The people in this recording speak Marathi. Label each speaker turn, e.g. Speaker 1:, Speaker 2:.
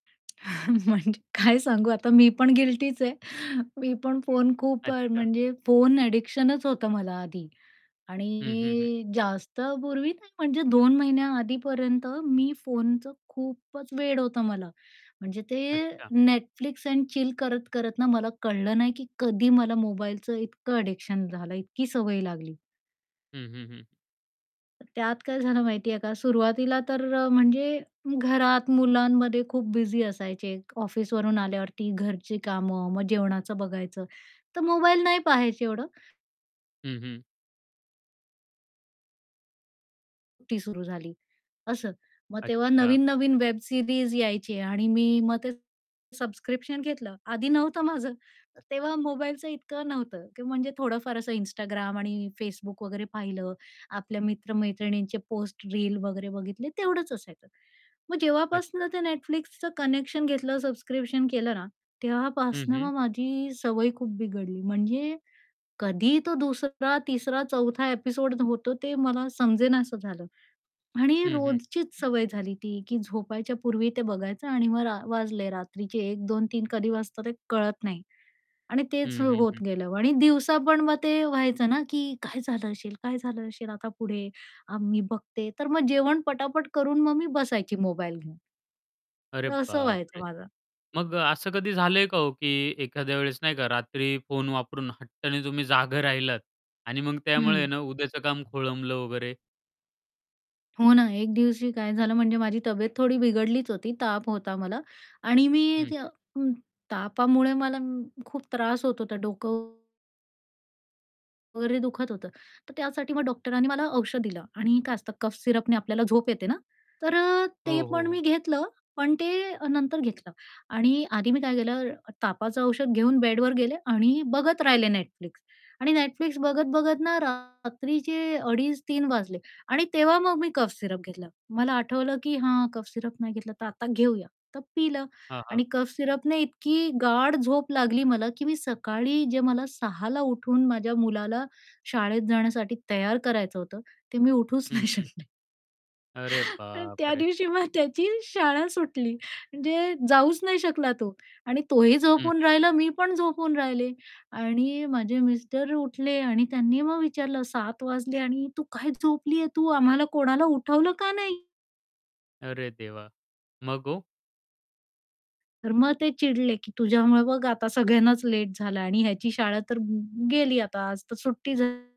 Speaker 1: म्हणजे काय सांगू आता मी पण गिल्टीच आहे. मी पण फोन खूप अ,
Speaker 2: अच्छा.
Speaker 1: म्हणजे फोन ॲडिक्शनच होतं मला आधी
Speaker 2: हं, हं, हं.
Speaker 1: आणि जास्त पूर्वी नाही म्हणजे 2 महिन्याआधीपर्यंत मी फोनचं खूपच वेड होतं मला. म्हणजे ते
Speaker 2: अच्छा.
Speaker 1: Netflix अँड चिल करत-करत ना मला कळलं नाही की कधी मला मोबाईलचं इतकं ॲडिक्शन झालं आहे, इतकी सवय लागली.
Speaker 2: हं, हं, हं, हं.
Speaker 1: त्यात काय झालं माहितीये का सुरुवातीला तर अ, म्हणजे घरात मुलांमध्ये खूप बिझी असायचे, ऑफिसवरून आल्यावरती घरची कामं, मग जेवणाचं बघायचं तर मोबाईल नाही पाहायचे एवढं.
Speaker 2: हं, हं.
Speaker 1: ती सुरु झाली असं. मग तेव्हा
Speaker 2: अच्छा.
Speaker 1: नवीन-नवीन वेब सीरीज यायची आणि मी मग ते सबस्क्रिप्शन घेतलं, आधी नव्हतं माझं. तेव्हा मोबाईलचं इतकं नव्हतं की म्हणजे थोडं फार असं Instagram आणि Facebook वगैरे पाहिलं. आपल्या मित्र-मैत्रिणींचे पोस्ट, रील वगैरे बघितले तेवढंच असायचं. मग जेव्हापासून
Speaker 2: अच्छा.
Speaker 1: ते Netflixच कनेक्शन घेतलं सबस्क्रिप्शन केलं ना,
Speaker 2: हं,
Speaker 1: तेव्हापासनं
Speaker 2: हं.
Speaker 1: मग माझी सवय खूप बिघडली. म्हणजे कधी तो दुसरा, तिसरा, चौथा ॲपिसोड होतो ते मला समजेनास झालं आणि
Speaker 2: हं, हं.
Speaker 1: रोजचीच सवय झाली ती, की झोपायच्या पूर्वी ते बघायचं आणि मग रा वाजले रात्रीचे 1:00, 2:00, 3:00 कधी वाजता ते कळत नाही आणि तेच
Speaker 2: हं, हं,
Speaker 1: होत
Speaker 2: हं.
Speaker 1: गेलं आणि दिवसा पण मग ते व्हायचं ना, की "काय झालं असेल? काय झालं असेल आता पुढे," अ, मी बघते तर मग जेवण पटापट करून मग मी बसायची मोबाईल घेऊन.
Speaker 2: अरे
Speaker 1: तर असं व्हायचं
Speaker 2: बापरे!
Speaker 1: माझं.
Speaker 2: मग असं कधी झालंय का हो, की एखाद्या वेळेस नाही का रात्री फोन वापरून हट्टाने तुम्ही जागं राहिलात आणि मग त्यामुळे आहे
Speaker 1: हं.
Speaker 2: ना उद्याचं काम खोळंबल वगैरे?
Speaker 1: हो ना, एक दिवशी काय झालं? म्हणजे माझी तब्येत थोडी बिघडलीच होती ताप होता मला आणि मी
Speaker 2: हं,
Speaker 1: त्या
Speaker 2: हं.
Speaker 1: उम्म, तापामुळे मला खूप म त्रास होत होता डोकं वगैरे दुखत होतं. तर त्यासाठी मग डॉक्टरांनी मला औषध दिलं आणि काय असतं कफ सिरपने आपल्याला झोप येते ना, तर अ, ते
Speaker 2: हो, हो,
Speaker 1: पण मी
Speaker 2: हो.
Speaker 1: घेतलं पण ते नंतर घेतलं आणि आधी मी काय केलं, तापाचं औषध घेऊन बेडवर गेले आणि बघत राहिले Netflix आणि Netflix बघत-बघत ना रात्रीचे 2.30-3.00 वाजले आणि तेव्हा मग मी कफ सिरप घेतला. मला आठवलं, की "हां कफ सिरप नाही घेतला, तर आता घेऊया." तर पिलं
Speaker 2: हां, हां.
Speaker 1: आणि कफ सिरपने इतकी गाढ झोप लागली मला की मी सकाळी जे मला 6.00 ला उठून माझ्या मुलाला शाळेत जाण्यासाठी तयार करायचं होतं, ते मी उठूच
Speaker 2: हं,
Speaker 1: नाही
Speaker 2: हं.
Speaker 1: शकले
Speaker 2: अरे
Speaker 1: आणि त्या
Speaker 2: बापरे!
Speaker 1: दिवशी मग त्याची शाळा सुटली म्हणजे जाऊच नाही शकला तो. आणि तोही
Speaker 2: हं, हं,
Speaker 1: झोपून
Speaker 2: हं.
Speaker 1: राहिला, मी पण झोपून राहिले आणि माझे मिस्टर उठले आणि त्यांनी मग विचारलं, "7.00 वाजले आणि तू काय झोपली आहे तू? आम्हाला कोणाला उठवलं का" "नाही?"
Speaker 2: अरे देवा! मग ओ!
Speaker 1: तर मग ते चिडले, की "तुझ्यामुळे बघ आता सगळ्यांनाच लेट झालं आणि ह्याची शाळा तर ग गेली आता, आज तर सुट्टी" "झाली."